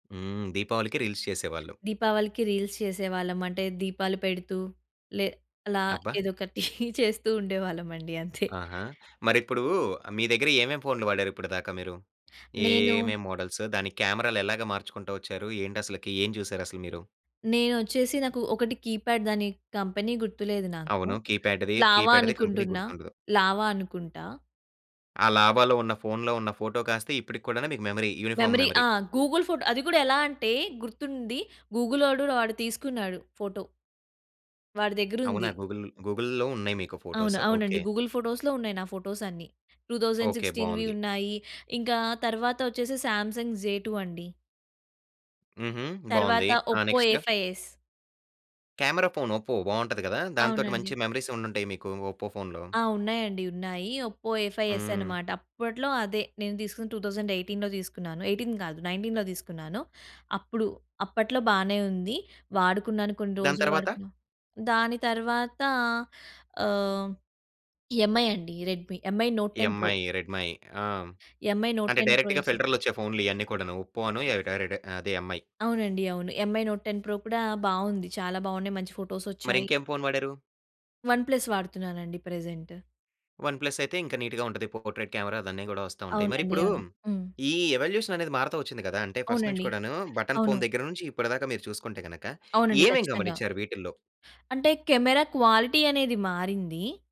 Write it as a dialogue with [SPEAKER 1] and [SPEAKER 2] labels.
[SPEAKER 1] హ్మ్. దీపావళికి రీల్స్ చేసేవాళ్ళు.
[SPEAKER 2] దీపావళికి రీల్స్ చేసేవాళ్ళం. అంటే దీపాలు పెడుతూ, లే అలా
[SPEAKER 1] అబ్బా!
[SPEAKER 2] ఏదో ఒకటి చేస్తూ ఉండేవాళ్ళమండి. అంతే.
[SPEAKER 1] ఆహా! మరిప్పుడూ మీ దగ్గర ఏమేమి ఫోనులు వాడారు ఇప్పడి దాక మీరు? ఏ
[SPEAKER 2] నేను
[SPEAKER 1] ఏమేం మోడల్స్? దానికి కెమెరా‌లు ఎలాగా మార్చుకుంటా వచ్చారు? ఏంటి అసలకి? ఏం చూసారు అసలు మీరు?
[SPEAKER 2] నేనొచ్చేసి నాకు ఒకటి కీప్యాడ్ దాని కంపెనీ గుర్తులేదు నాకు.
[SPEAKER 1] అవును. కీప్యాడ్‌ది.
[SPEAKER 2] లావా
[SPEAKER 1] కీప్యాడ్‌ది కంపెనీ
[SPEAKER 2] అనుకుంటున్నా.
[SPEAKER 1] గుర్తుండదు.
[SPEAKER 2] లావా అనుకుంటా.
[SPEAKER 1] ఆ లావాలో ఉన్న ఫోన్‌లో ఉన్న ఫోటో కాస్త ఇప్పడికి కూడానూ మీకు మెమరీ. Uniform
[SPEAKER 2] memory
[SPEAKER 1] memory.
[SPEAKER 2] ఆ! గూగుల్ ఫోటో అది గూడా ఎలా అంటే గుర్తుంది. గూగులోడు వాడు తీసుకున్నాడు ఫోటో. వాడి
[SPEAKER 1] అవునా?
[SPEAKER 2] దగ్గరుంది.
[SPEAKER 1] గూగుల్ గూగుల్‌లో ఉన్నాయి మీకు
[SPEAKER 2] అవును.
[SPEAKER 1] ఫోటోస్.
[SPEAKER 2] అవునండి.
[SPEAKER 1] ఓకే.
[SPEAKER 2] గూగుల్ ఫోటోస్‌లో ఉన్నాయి నా ఫోటోస్ అన్నీ. Thousand
[SPEAKER 1] okay.
[SPEAKER 2] సిక్స్‌స్టీన్‌వి
[SPEAKER 1] బావుంది.
[SPEAKER 2] ఉన్నాయి. ఇంకా తర్వాత వచ్చేసి సామ్‌సంగ్ జేటూ అండి.
[SPEAKER 1] హుహు. బావుంది.
[SPEAKER 2] తర్వాత
[SPEAKER 1] ఆ
[SPEAKER 2] Oppo
[SPEAKER 1] next?
[SPEAKER 2] A five S.
[SPEAKER 1] Camera phone Oppo బావుంటది గదా! దాంతోటి
[SPEAKER 2] అవునండి.
[SPEAKER 1] మంచి మెమొరీసే ఉండుంటాయి మీకు. ఒప్పో ఫోన్‌లో.
[SPEAKER 2] ఆ! ఉన్నాయండి. ఉన్నాయి. ఒప్పో ఏఫై ఎస్
[SPEAKER 1] హ్మ్.
[SPEAKER 2] అనమాట. అప్పట్లో అదే. నేను తీసుకున్నది 2018లో తీసుకున్నాను. 18 కాదు, 19లో తీసుకున్నాను. అప్పుడు అప్పట్లో బానే ఉంది. వాడుకున్నాను కొన్ని
[SPEAKER 1] దాని
[SPEAKER 2] రోజులు
[SPEAKER 1] తరవాత?
[SPEAKER 2] వాడుకున్నా. దాని తర్వాత ఆహ్, ఎంఐ అండి. Redmi. Mi Note ten Pro.
[SPEAKER 1] Mi, Redmi. ఆ!
[SPEAKER 2] ఎంఐ నోట్
[SPEAKER 1] అంటే
[SPEAKER 2] టెన్ ప్రో
[SPEAKER 1] డైరెక్ట్‌గా
[SPEAKER 2] జేసా.
[SPEAKER 1] ఫిల్టర్లొచ్చే ఫోనులు ఇయన్నీ కూడాను ఒప్పో అను ఆ ఎర క రెడ అదే ఎంఐ.
[SPEAKER 2] అవునండి. అవును. ఎంఐ నోట్ టెన్ ప్రో జేసా. కూడా బావుంది. చాలా బావున్నాయి. మంచి ఫోటోసొచ్చాయి.
[SPEAKER 1] మరింకేం ఫోన్ వాడారు?
[SPEAKER 2] వన్ ప్లస్ వాడుతున్నానండి ప్రజెంట్.
[SPEAKER 1] వన్ ప్లస్ అయితే ఇంకా నీట్‌గా ఉంటది. పోర్ట్రైట్ కెమెరా అదన్నీ గూడా వస్తా ఉంటాయి. మరి
[SPEAKER 2] అవునండి.
[SPEAKER 1] ఇప్పుడు,
[SPEAKER 2] అవును. హ్మ్.
[SPEAKER 1] ఈ ఎవల్యూషన్ అనేది మారుతా ఒచ్చింది గదా! అంటే ఫస్ట్ నుంచి
[SPEAKER 2] అవునండి.
[SPEAKER 1] కూడాను బటన్
[SPEAKER 2] అవును.
[SPEAKER 1] ఫోన్ దగ్గర నుంచి ఇప్పటి దాక మీరు చూసుకుంటే, గనక
[SPEAKER 2] అవునండి.
[SPEAKER 1] ఏమేం
[SPEAKER 2] ఖచ్చితంగా.
[SPEAKER 1] గమనించారు వీటిల్లో?
[SPEAKER 2] అంటే, కెమెరా క్వాలిటీ అనేది మారింది.